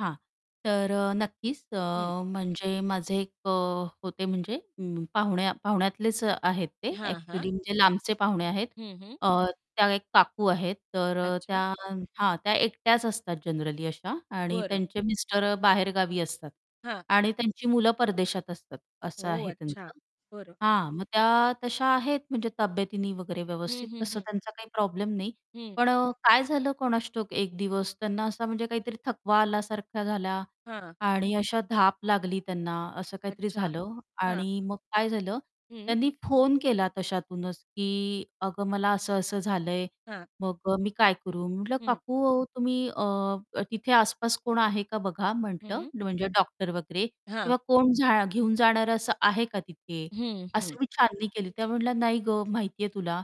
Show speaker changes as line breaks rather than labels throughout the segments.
हां, तर अ, नक्कीच अ,
हं.
म्हणजे माझे एक अ, होते म्हणजे उम्म, पाहुण्या पाहुण्यातलेच अ, आहेत ते
हां, हां.
ॲक्च्युअली म्हणजे लांबचे पाहुणे आहेत,
हं, हं.
अ, त्या एक काकू आहेत तर अ, त्या
अच्छा.
हां. त्या एकट्याच असतात जनरली अशा आणि
बरं.
त्यांचे मिस्टर अ, बाहेरगावी असतात
हां.
आणि त्यांची मुलं परदेशात असतात असं
ओह,
आहे
अच्छा.
त्यांचं,
बरं.
हां, मग त्या तशा आहेत म्हणजे तब्येतीने वगैरे
हं,
व्यवस्थित
हं,
तसं
हं.
त्यांचा काही प्रॉब्लेम नाही.
हं.
पण अ, काय झालं कोणास ठाऊक एक दिवस त्यांना असा म्हणजे काहीतरी थकवा आल्यासारखा झाला
हां.
आणि अशा धाप लागली त्यांना, असं काहीतरी
अच्छा,
झालं
हां.
आणि मग काय झालं
हं.
त्यांनी फोन केला तशातूनच की "अगं मला असं-असं झालं आहे
हां.
मग अ, मी काय करू" म्हटलं,
हं.
"काकू अहो तुम्ही अ, तिथे आसपास कोण आहे का बघा," म्हटलं,
हं.
म्हणजे "डॉक्टर वगैरे
हां.
किंवा कोण जा घेऊन जाणार असं आहे का तिथे."
हं, हं.
असं मी छाननी केली त्या म्हटल्या नाही गं, माहिती आहे तुला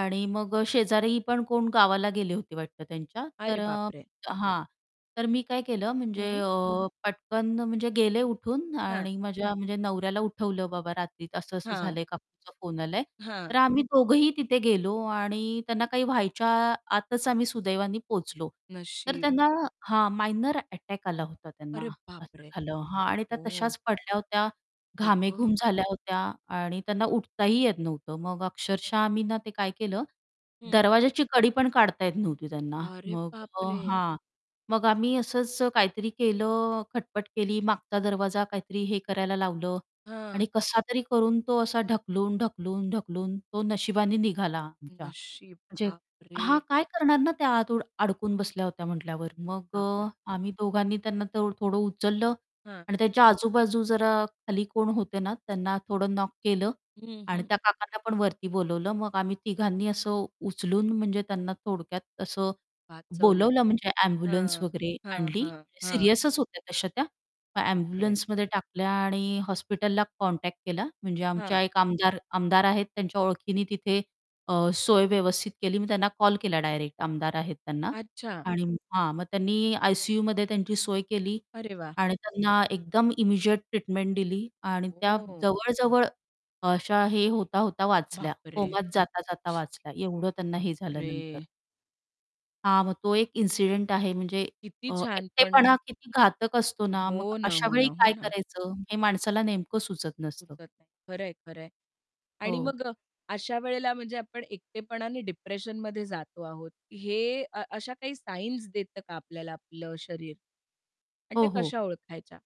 आणि मग अ, शेजारी पण कोण गावाला गेले होते वाटतं त्यांच्या,
अरे
तर
बाप
अ,
रे!
हां, तर मी काय केलं म्हणजे
हं.
अ, पटकन म्हणजे गेले उठून
हां.
आणि माझ्या म्हणजे नवऱ्याला उठवलं बाबा रात्री असं-असं
हां.
झालंय काकूंचा फोन आलाय.
हां.
तर आम्ही दोघंही तिथे गेलो आणि त्यांना काही व्हायच्या आतच आम्ही सुदैवाने पोहोचलो. तर
नशीब.
त्यांना हां, मायनर अटॅक आला होता त्यांना
अरे
असं
बापरे!
झालं. हां. आणि त्या
ओ.
तशाच पडल्या होत्या
आई गं.
घामेघूम झाल्या होत्या आणि त्यांना उठताही येत नव्हतं मग अक्षरशः आम्ही ना, ते काय केलं
हं.
दरवाज्याची कडी पण काढता येत नव्हती त्यांना,
अरे
मग
बाप
अ,
रे!
हां, मग आम्ही असंच अ, काहीतरी केलं खटपट केली मागचा दरवाजा काहीतरी हे करायला लावलं
हां.
आणि कसातरी करून तो असा ढकलून, ढकलून, ढकलून तो नशिबाने निघाला आमच्या
नशीब
म्हणजे हां,
बापरे!
काय करणार ना, त्या आत अडून अडकून बसल्या होत्या म्हटल्यावर मग
बाप
अ,
रे!
आम्ही दोघांनी त्यांना थो थोडं उचललं
हां.
आणि त्याच्या आजूबाजू जरा खाली कोण होते ना, त्यांना थोडं नॉक केलं
हं,
आणि
हं.
त्या काकांना पण वरती बोलावलं मग आम्ही तिघांनी असं उचलून म्हणजे त्यांना थोडक्यात असं
वाचवलतं.
बोलावलं म्हणजे ॲम्ब्युलन्स
हां,
वगैरे
हां,
आणली
हां, हां.
सीरियसच होत्या तशा त्या. मग
बाप रे.
ॲम्ब्युलन्समध्ये टाकल्या आणि हॉस्पिटलला कॉन्टॅक्ट केला म्हणजे आमच्या
हां.
एक आमदार आमदार आहेत त्यांच्या ओळखीने तिथे अ, सोय व्यवस्थित केली मी त्यांना कॉल केला डायरेक्ट आमदार आहेत त्यांना
अच्छा.
आणि हां, मग त्यांनी आय-सी-यूमध्ये त्यांची सोय केली
अरे वाह!
आणि त्यांना एकदम इमिजिएट ट्रीटमेंट दिली आणि त्या
ओ.
जवळ जवळ अ अशा हे होता होता वाचल्या
बाप रे!
कोमात जाता जाता वाचल्या एवढं त्यांना हे झाल्यानंतर.
बापरे!
हां, मग तो एक इन्सिडेंट आहे म्हणजे
किती
अ,
छान, पण
एकटेपणा किती घातक असतो ना, मग
हो ना, हो ना,
अशावेळी
हो
काय
ना.
करायचं हे माणसाला नेमकं सुचत नसतं.
सुचत नाही. खरं आहे, खरं आहे. आणि
हो.
मग अ, अशा वेळेला म्हणजे आपण एकटेपणाने डिप्रेशनमध्ये जातो आहोत हे अ, अशा काही साइन्स देत का आपल्याला आपलं शरीर? आणि त्या
हो, हो.
कशा ओळखायच्या?